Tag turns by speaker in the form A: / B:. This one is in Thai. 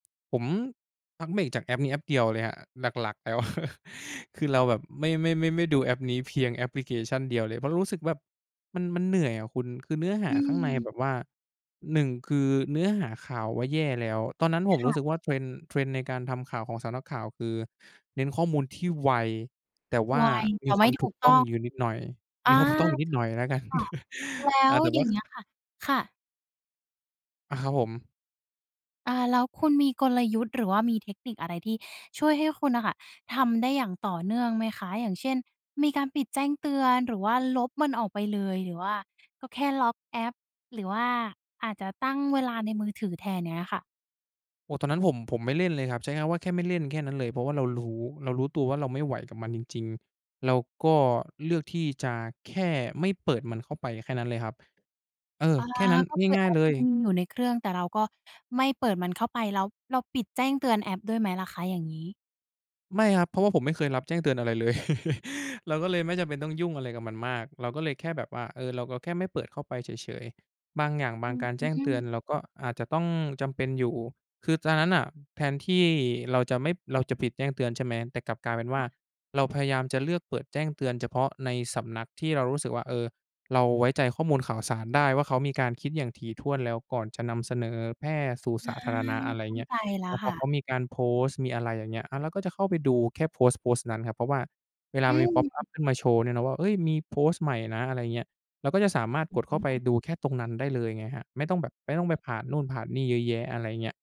A: ผมพักเบรกจากแอปนี้แอปเดียวเลยครับหลัก ๆ แล้ว คือเราแบบไม่ ไม่ ไม่ ไม่ดูแอปนี้เพียงแอปพลิเคชั่นเดียวเลย เพราะรู้สึกแบบมัน มันเหนื่อยอะคุณ คือเนื้อห
B: อ
A: าข้างใน
B: ืม
A: แบบว่า 1 คือเนื้อหาข่าวว่าแย่แล้ว ตอนนั้นผ
B: ค
A: มร
B: ่ะ
A: ู้สึกว่า trend trend ในการทำข่าวของสำนักข่าวคือเน้นข้อมูลที่ไว แต่ว
B: ไ
A: ่า
B: ว แ
A: ม
B: ต
A: ี
B: ่
A: ค
B: ไม
A: ว
B: ่
A: าม
B: ถ
A: ถ
B: ู
A: ูก
B: กต
A: ต้
B: ้อ
A: อง
B: ง
A: อยู่นิดหน่อย
B: อ
A: มี
B: า
A: ความถูกต้องอยู่นิด
B: ถู
A: หน่อ
B: ก
A: ยแล้วกัน
B: ค่ะ แล้
A: อา
B: ว
A: แต่
B: อย
A: ว
B: ่
A: ่
B: า
A: า
B: งเงี้ยค่ะ ค่ะ
A: อา ครับผม
B: อา แล้วคุณมีกลยุทธ์หรือว่ามีเทคนิคอะไรที่ช่วยให้คุณน่ะค่ะทำได้อย่างต่อเนื่องไหมคะ? อย่างเช่น มีการปิดแจ้งเตือน หรือว่าลบมันออกไปเลย หรือว่าก็แค่ล็อกแอป หรือว่าอาจจะตั้งเวลาในมือถือแทน อย่างเงี้ยค่ะ
A: โอ้ ตอนนั้นผม ผมไม่เล่นเลยครับ ใช้ง่ายว่าแค่ไม่เล่น แค่นั้นเลย เพราะว่าเรารู้ เรารู้ตัวว่าเราไม่ไหวกับมันจริง ๆ เราก็เลือกที่จะแค่ไม่เปิดมันเข้าไป แค่นั้นเลยครับ เออ
B: อา
A: แค่นั้น
B: ก็คือ
A: ง่
B: แ
A: า
B: อ
A: ย ๆ เ
B: ป
A: ล
B: ยั
A: ย
B: งมีอยู่ในเครื่อง แต่เราก็ไม่เปิดมันเข้าไป แล้วเราปิดแจ้งเตือนแอปด้วยไหมล่ะคะอย่างงี้?
A: ไม่ครับ เพราะว่าผมไม่เคยรับแจ้งเตือนอะไรเลย เราก็เลยไม่จำเป็นต้องยุ่งอะไรกับมันมาก เราก็เลยแค่แบบว่า เออ เรา เราก็แค่ไม่เปิดเข้าไปเฉย ๆ บางอย่าง บ
B: อื
A: างการแจ้งเตือน
B: ม
A: เราก็อาจจะต้องจำเป็นอยู่ คือตอนนั้นน่ะแทนที่เราจะไม่ เราจะปิดแจ้งเตือน ใช่ไหม แต่กลับกลายเป็น
B: ค
A: ว่
B: ่
A: า
B: ะ
A: เราพยายามจะเลือกเปิดแจ้งเตือนเฉพาะในสำนักที่เรารู้สึกว่า เออ เราไว้ใจข้อมูลข่าวสารได้ว่าเขามีการคิดอย่างถี่ถ้วนแล้วก่อนจะนำเสนอ แพร่ สู่
B: อ
A: ส
B: า
A: าธารณะ อะไร
B: เข
A: อย่
B: ้
A: า
B: า
A: งเงี้
B: ใ
A: ย
B: จแล้
A: แล
B: ว
A: ้วพ
B: ค่
A: อเข
B: ะ
A: ามีการโพสต์ มีอะไรอย่างเงี้ย อา เราก็จะเข้าไปดูแค่โพสต์โพสต์นั้นครับ เพราะว่าเวล
B: อ
A: า
B: ื
A: มี พ็อป อั
B: ม
A: ป ขึ้นมาโชว์เนี่ยนะว่า เอ๊ย มีโพสต์ใหม่นะ อะไรอย่างเงี้ย เราก็จะสามารถกดเ
B: อ
A: ข้าไป
B: ้อ
A: ดูแค่ตรงนั้นได้เลยไงครับ ไม่ต้องแบบ ไม่ต้องไปผ่านนู่นผ่านนี่เยอะแยะ อะไรอย่างเงี้ย